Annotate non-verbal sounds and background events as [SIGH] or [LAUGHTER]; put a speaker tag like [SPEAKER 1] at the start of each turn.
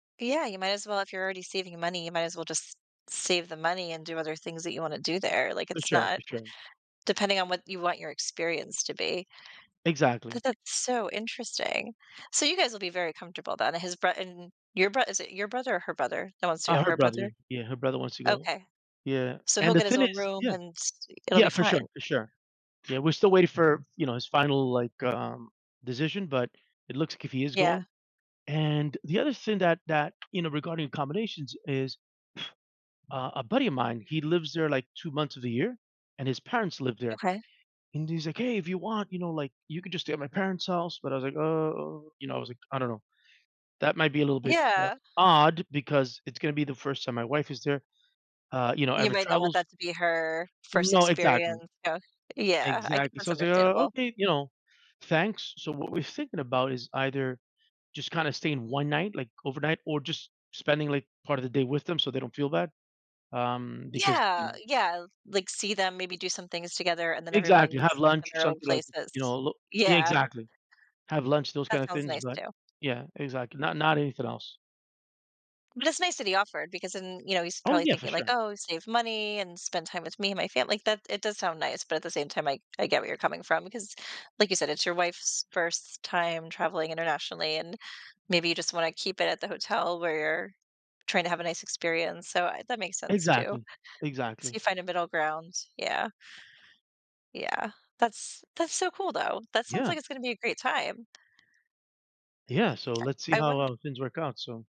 [SPEAKER 1] Yeah, you might as well if you're already saving your money, you might as well just save the money and do other things that you wanna do there, like,
[SPEAKER 2] For
[SPEAKER 1] it's
[SPEAKER 2] sure.
[SPEAKER 1] not
[SPEAKER 2] For sure.
[SPEAKER 1] depending on what you want your experience to be.
[SPEAKER 2] Exactly.
[SPEAKER 1] But that's so interesting. So, you guys will be very comfortable, but and his brot and your brot Is it your brother or her brother, that wants to
[SPEAKER 2] Ah,
[SPEAKER 1] go?
[SPEAKER 2] her
[SPEAKER 1] Her
[SPEAKER 2] brother.
[SPEAKER 1] brother?
[SPEAKER 2] Yeah, her brother wants to go.
[SPEAKER 1] Okay.
[SPEAKER 2] Yeah,
[SPEAKER 1] So, he'll
[SPEAKER 2] and the
[SPEAKER 1] get his
[SPEAKER 2] thing
[SPEAKER 1] own
[SPEAKER 2] is
[SPEAKER 1] room,
[SPEAKER 2] Yeah.
[SPEAKER 1] and, s e it'll be
[SPEAKER 2] Yeah, for sure,
[SPEAKER 1] fine.
[SPEAKER 2] for sure. Yeah, we're still wait for, you know, his final, like, um, decision, but, it looks like he is
[SPEAKER 1] Yeah.
[SPEAKER 2] going, and the other thing that that, you know, regarding accommodations is, [BLOWS AIR] uh, a buddy of mine, he lives there, like, 2 months of the year, and his parents live there,
[SPEAKER 1] Okay.
[SPEAKER 2] and he's like, "Hey, if you want, you know, like, you could just stay at my parents' house," but I was like, "Oh," you know, I was like, "I don't know." That might be a little bit, uh,
[SPEAKER 1] Yeah.
[SPEAKER 2] odd because it's gonna be the 1st time my wife is there, uh, you know
[SPEAKER 1] You
[SPEAKER 2] ever
[SPEAKER 1] might not want
[SPEAKER 2] travels
[SPEAKER 1] that to be her 1st
[SPEAKER 2] No,
[SPEAKER 1] experience,
[SPEAKER 2] exactly.
[SPEAKER 1] huh? Yeah, I ca
[SPEAKER 2] Exactly.
[SPEAKER 1] that's
[SPEAKER 2] So I was like, "Oh,
[SPEAKER 1] understandable.
[SPEAKER 2] okay," you know, "Thanks." So, what we're thinking about is either just kinda staying 1 night, like, overnight or just spending, like, part of the day with them so they don't feel bad, um, because, you
[SPEAKER 1] Yeah,
[SPEAKER 2] know
[SPEAKER 1] yeah, like, see them, maybe do some things together, and then
[SPEAKER 2] Exactly,
[SPEAKER 1] everyone's
[SPEAKER 2] have
[SPEAKER 1] sleep in
[SPEAKER 2] lunch,
[SPEAKER 1] their own
[SPEAKER 2] something like, you know,
[SPEAKER 1] places.
[SPEAKER 2] lo
[SPEAKER 1] Yeah.
[SPEAKER 2] Exactly. Have lunch, those
[SPEAKER 1] That
[SPEAKER 2] kinda
[SPEAKER 1] sounds
[SPEAKER 2] things,
[SPEAKER 1] nice
[SPEAKER 2] but
[SPEAKER 1] too.
[SPEAKER 2] Yeah, exactly, not not anything else.
[SPEAKER 1] But it's nice that he offered because then, you know, he's
[SPEAKER 2] Oh,
[SPEAKER 1] probably
[SPEAKER 2] yeah, for
[SPEAKER 1] thinking like,
[SPEAKER 2] sure.
[SPEAKER 1] "Oh, save money and spend time with me and my family." like, that it does sound nice, but at the same time, I I get where you're coming from, because, like you said, it's your wife's 1st time traveling internationally, and maybe you just wanna keep it at the hotel where you're tryna have a nice experience, so, uh, that makes sense too.
[SPEAKER 2] Exactly,
[SPEAKER 1] So
[SPEAKER 2] exactly.
[SPEAKER 1] you find a middle ground, yeah. Yeah, that's that's so cool, though. That sounds
[SPEAKER 2] Yeah.
[SPEAKER 1] like it's gonna be a great time. Uh uh,
[SPEAKER 2] Yeah, so let's see
[SPEAKER 1] yeah. I
[SPEAKER 2] how
[SPEAKER 1] wond
[SPEAKER 2] our things work out, so